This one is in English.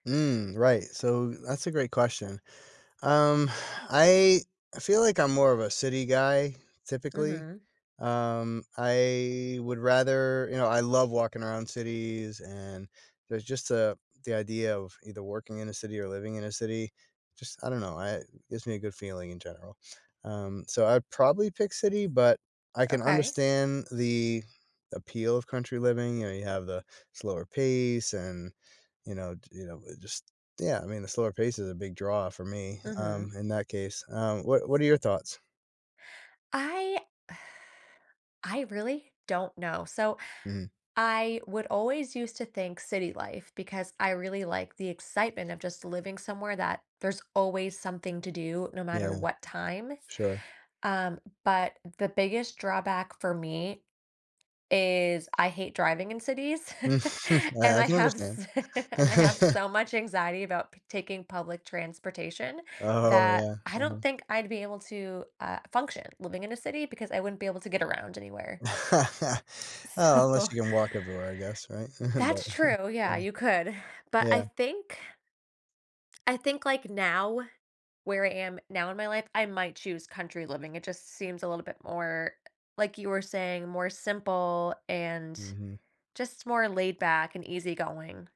Mm, right, so that's a great question, um, I feel like I'm more of a city guy, typically, Mhm. um, I would rather you know, I love walking around cities, and there's just a the idea of either working in a city or living in a city just, I don't know I gives me a good feeling in general, um, so I'd probably pick city, but I can Okay. understand the appeal of country living, you know you have the slower pace and, you know, d you know, it just yeah, I mean, the slower pace is a big draw for me, um, Mhm. in that case, um, what what are your thoughts? I I really don't know, so Mhm. I would always used to think city life because I really like the excitement of just living somewhere that there's always something to do no matter Yeah. what time, Sure. um, but the biggest drawback for me is I hate driving in cities, I and I I can have s understand. and I have so much anxiety about p taking public transportation Oh, that yeah, I don't uh-huh. think I'd be able to, uh, function living in a city, because I wouldn't be able to get around anywhere. Uh, So unless you can walk everywhere, I guess, right, but That's true, yeah, yeah. you could, but I Yeah. think I think, like, now, where I am now in my life, I might choose country living, it just seems a little bit more, like you were saying, more simple and Mhm. just more laid back and easy-going.